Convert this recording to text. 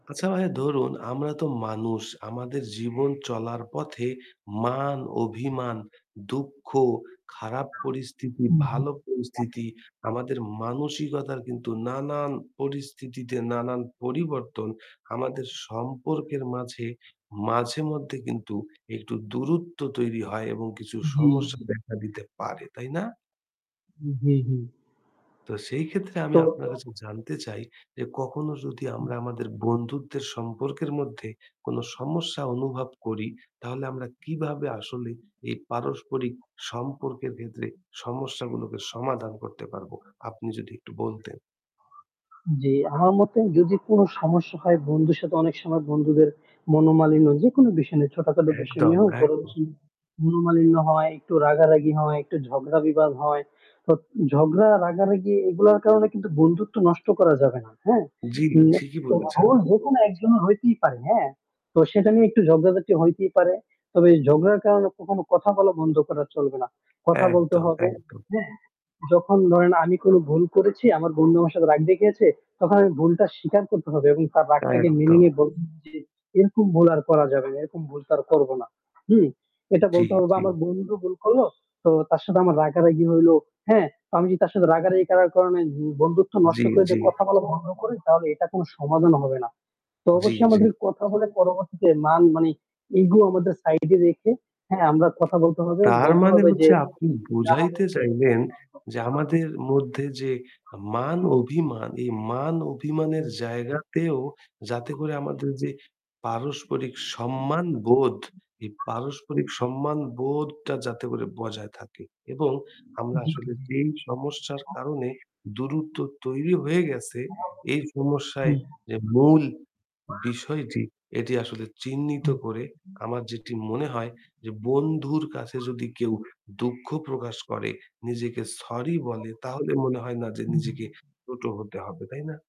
আচ্ছা ভাইয়া ধরুন আমরা তো মানুষ, আমাদের জীবন চলার পথে, "মান", "অভিমান", "দুঃখ", "খারাপ পরিস্থিতি", হু, হু। "ভালো পরিস্থিতি", আমাদের মানসিকতার কিন্তু নানান পরিস্থিতিতে নানান পরিবর্তন আমাদের সম্পর্কের মাঝে, মাঝে মধ্যে কিন্তু একটু দূরত্ব তৈরি হয় এবং কিছু জ্বী, সমস্যা জ্বী। দেখা দিতে পারে, তাই না? হু, হু। তো সেই ক্ষেত্রে আমি তো আপনার কাছে জানতে চাই, যে কখনো যদি হু। আমরা আমাদের বন্ধুত্বের সম্পর্কের মধ্যে কোনো সমস্যা অনুভব করি, তাহলে আমরা কিভাবে আসলে এই পারস্পরিক সম্পর্কের ক্ষেত্রে সমস্যাগুলোকে সমাধান করতে পারবো আপনি যদি একটু বলতেন? জ্বী, আমার মতে যদি কোনো সমস্যা হয় বন্ধুর সাথে অনেক সময় বন্ধুদের, মনোমালিন্য যেকোন বিষয় নিয়ে ছোটখাটো বিষয় একদম, নিয়ে হোক বরঞ্চ একদম। মনোমালিন্য হয়, একটু রাগারাগি হয়, একটু ঝগড়া বিবাদ হয়। তো ঝগড়া রাগারাগি এগুলোর কারণে কিন্তু বন্ধুত্ব নষ্ট করা যাবে না। হ্যাঁ? জ্বী, ঠিকই তো বলেছেন। ভুল যেকোনো একজনের হইতেই পারে, হ্যাঁ? তো সেটা নিয়ে একটু ঝগড়াঝাটি হইতেই পারে। তবে ঝগড়ার কারণে কখনো কথা বলা বন্ধু। চলবে না। কথা বলতে একদম, হবে। একদম। যখন ধরেন আমি কোন ভুল করেছি, আমার বন্ধু আমার সাথে রাগ দেখিয়েছে, তখন আমি ভুলটা স্বীকার করতে হবে এবং তার রাগটাকে মেনে একদম। নিয়ে বলছি যে এরকম ভুল আর করা যাবে না। এরকম ভুল তো আর করব না। জ্বী, এটা জ্বী, বলতে হবে জ্বী। আমার বন্ধু ভুল করল। তো তার সাথে আমার রাগারাগি হইল, হ্যাঁ? আমি যদি তার সাথে রাগারাগি করার কারণে বন্ধুত্ব নষ্ট জ্বী, করে দিয়ে জ্বী। কথা বলা ভঙ্গ করি তাহলে এটা কোন সমাধান হবে না। তো জ্বী, অবশ্যই জ্বী। আমাদের কথা বলে পরবর্তীতে মান মানে ইগো আমাদের সাইড এ রেখে হ্যাঁ আমরা কথা বলতে হবে। তার বলতে মানে হবে যে হচ্ছে আপনি যাহা বুঝাইতে বলছে চাইবেন যে [unintelligible] আমাদের মধ্যে যে মান অভিমান এই মান অভিমানের হুম। জায়গাতেও যাতে করে আমাদের যে, পারস্পরিক সম্মান বোধ এই পারস্পরিক সম্মান বোধটা যাতে করে বজায় থাকে এবং আমরা জ্বী, জ্বী। আসলে যেই সমস্যার ও। কারণে দূরত্ব তৈরি হয়ে গেছে এই সমস্যায় হুম। যে মূল বিষয়টি এটি আসলে চিহ্নিত হুম। করে, আমার যেটি মনে হয় যে বন্ধুর কাছে যদি কেউ দুঃখ প্রকাশ করে, নিজেকে সরি বলে তাহলে মনে হয় না যে নিজেকে হুম। ছোট হতে হবে, তাই না?